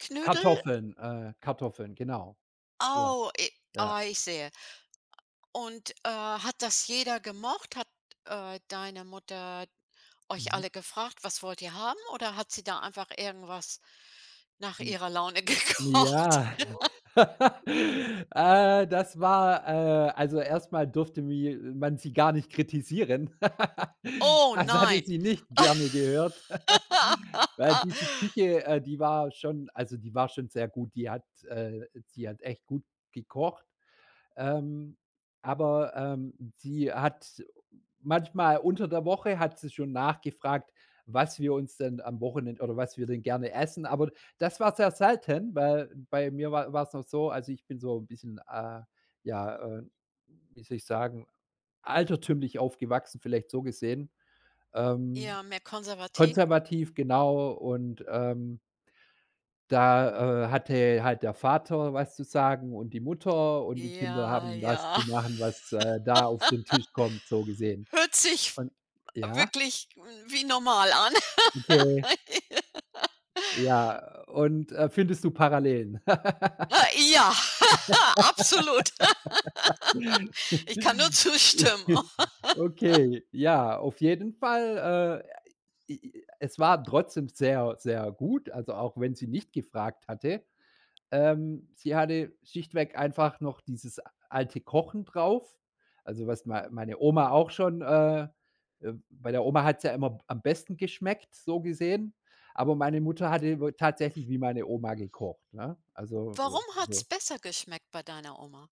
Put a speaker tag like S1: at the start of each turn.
S1: Knödel?
S2: Kartoffeln äh, Kartoffeln, genau. Ja,
S1: Oh, e
S2: ja.
S1: ah, ich sehe, und, äh, hat das jeder gemocht? Hat, äh, deine Mutter euch
S2: Mhm.
S1: alle gefragt: „Was wollt ihr haben“, oder hat sie da einfach irgendwas nach
S2: Hm.
S1: ihrer Laune gekocht?
S2: Ja, äh, das war äh, also, erst mal durfte, wi man sie gar nicht kritisieren.
S1: Oh
S2: Das hatte
S1: nein.
S2: sie nicht gerne gehört, weil diese Küche, äh, die war schon also, die war schon sehr gut, die hat, äh sie hat echt gut gekocht. Ähm, aber, ähm, sie hat manchmal unter der Woche hat sie schon nachgefragt, was wir uns denn am Wochenend oder was wir denn gerne essen. Aber d das war sehr selten, weil bei mir wa war's noch so, also, ich bin so 'n bisschen, äh, ja, äh, wie soll ich sagen, altertümlich aufgewachsen, vielleicht so gesehen, ähm
S1: Ja, mehr konservativ.
S2: Konservativ, genau und, ähm da, äh, hatte halt der Vater was zu sagen und die Mutter und die Kinder
S1: Ja,
S2: haben das zu
S1: ja.
S2: machen, was, äh, da auf den Tisch kommt, so gesehen
S1: Hört sich
S2: und ja?
S1: wirklich wie normal an.
S2: Okay. Ja, und, äh, findest du Parallelen?
S1: He ja, absolut. Ich kann nur zustimmen.
S2: Okay. Ja, auf jeden Fall, äh, e i es war trotzdem sehr, sehr gut, also, auch wenn sie nicht gefragt hatte. Ähm, sie hatte schlichtweg einfach noch dieses alte Kochen drauf, also, was mei meine Oma auch schon, äh äh, bei der Oma hat's ja immer am besten geschmeckt, so gesehen, aber meine Mutter hatte über tatsächlich wie meine Oma gekocht, ne? Also,
S1: Warum
S2: äh,
S1: hat's
S2: so
S1: besser geschmeckt bei deiner Oma?